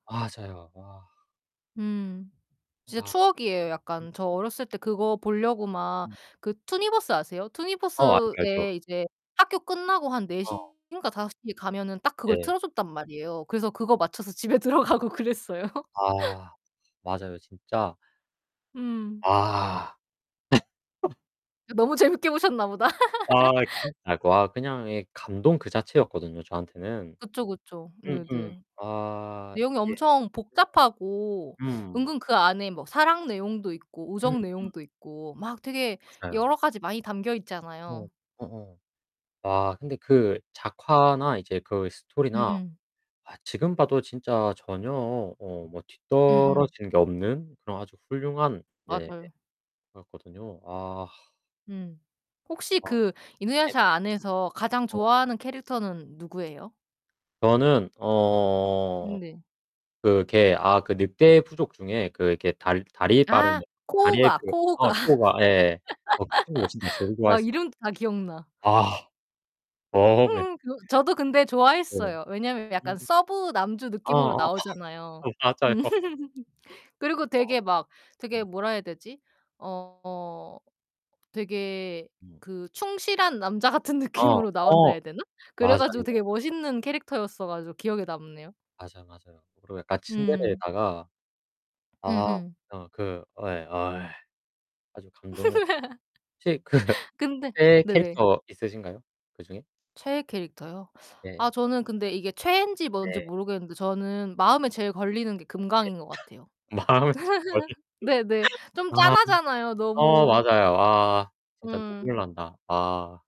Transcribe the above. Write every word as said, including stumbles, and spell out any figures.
맞아요. 와. 음. 진짜 아 그 추억이에요, 약간. 저 [unintelligible] 어렸을 때 그거 보려고 막 음. 그 투니버스 아세요? 어 알죠, 알죠. 투니버스에 이제 학교 끝나고 한 네 어. 시인가 다섯 시에 가면은 딱 그걸 네. 틀어 줬단 말이에요. 그래서 그거 맞춰서 집에 들어가고 그랬어요. 아, 맞아요. 진짜 음. 아. 그 너무 재밌게 보셨나 보다. 아 진짜 와 그냥 예 감동 그 자체였거든요, 저한테는. 그쵸, 그쵸. 음 음. 네네. 아 내용이 이게 엄청 복잡하고 [unintelligible] 음. 은근 그 안에 뭐 사랑 내용도 있고 음 우정 음. 내용도 있고 막 되게 맞아요. 여러 가지 많이 담겨 어. 있잖아요. 어어. 아, 근데 그 작화나 이제 그 스토리나 음음. 아 지금 봐도 진짜 전혀 어 뭐 음음. 뒤떨어진 게 없는 그런 아주 훌륭한 예 맞아요. 거였거든요. 아. 음. 혹시 어. 그 이누야샤 네네. 안에서 가장 어. 좋아하는 캐릭터는 누구예요? 저는 어 음 네. 그 걔 아 그 늑대 부족 중에 그 걔 달 다리 빠른 아 애 다리에 코호가 그 코호가. 아 코호가. 예예 어 그 친구를 진짜 제일 아 좋아했어. 이름도 다 기억나. 아. 어 네. 그거 저도 근데 네. 좋아했어요. 왜냐면 음 약간 서브 남주 어 느낌으로 어. 나오잖아요. 어 맞아요. 그리고 와 되게 막 되게 음. 뭐라 해야 되지? 어 되게 음. 그 충실한 남자 같은 어. 느낌으로 나온다 어. 해야 되나? 그래 맞아요. 가지고 되게 멋있는 캐릭터였어 가지고 기억에 남네요. 맞아 맞아요. 그리고 약간 음. 츤데레에다가 아 음음. 어 그 어 예 아이 아주 감동이었어. 혹시 그 근데 최애 네네. 캐릭터 있으신가요 그중에? 최애 캐릭터요? 아 네. 저는 근데 이게 최애인지 뭔지 네. 모르겠는데 저는 마음에 제일 걸리는 게 예. 금강인 것 같아요. 마음에 [unintelligible] 네네. 좀 아. 짠하잖아요 어 너무. 맞아요 와. 진짜 음. 눈물난다. 아.